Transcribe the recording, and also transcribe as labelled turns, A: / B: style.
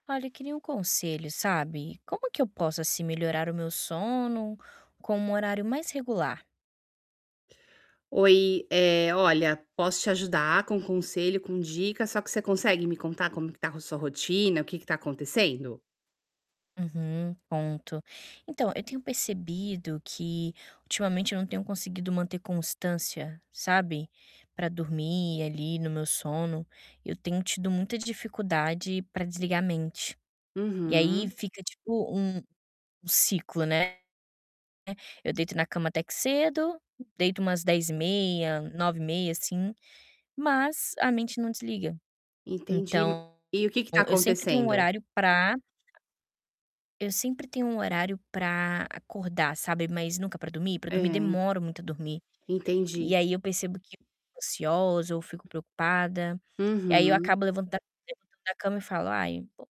A: Olha, eu queria um conselho, sabe. Como que eu posso, assim, melhorar o meu sono, com um horário mais regular?
B: Oi, eh, olha, posso te ajudar com conselho, com dica, só que você consegue me contar como que tá com sua rotina, o que que tá acontecendo?
A: Uhum. Ponto. Então, eu tenho percebido que ultimamente eu não tenho conseguido manter constância, sabe, pra dormir ali no meu sono, eu tenho tido muita dificuldade pra desligar a mente. E aí
B: Uhum.
A: fica tipo um um ciclo, né. Eu deito na cama, até que cedo, deito umas 22h30, 21h30 assim, mas a mente não desliga.
B: Entendi.
A: Então,
B: E o que que tá
A: eu sempre tenho um
B: acontecendo?
A: horário pra eu sempre tenho um horário pra acordar, sabe, mas nunca pra dormir, pra
B: É.
A: dormir demoro muito a dormir. E
B: Entendi.
A: aí eu percebo que ansiosa ou fico preocupada, e aí eu
B: Uhum.
A: acabo levantando [unintelligible] da cama e falo: "Ai vo"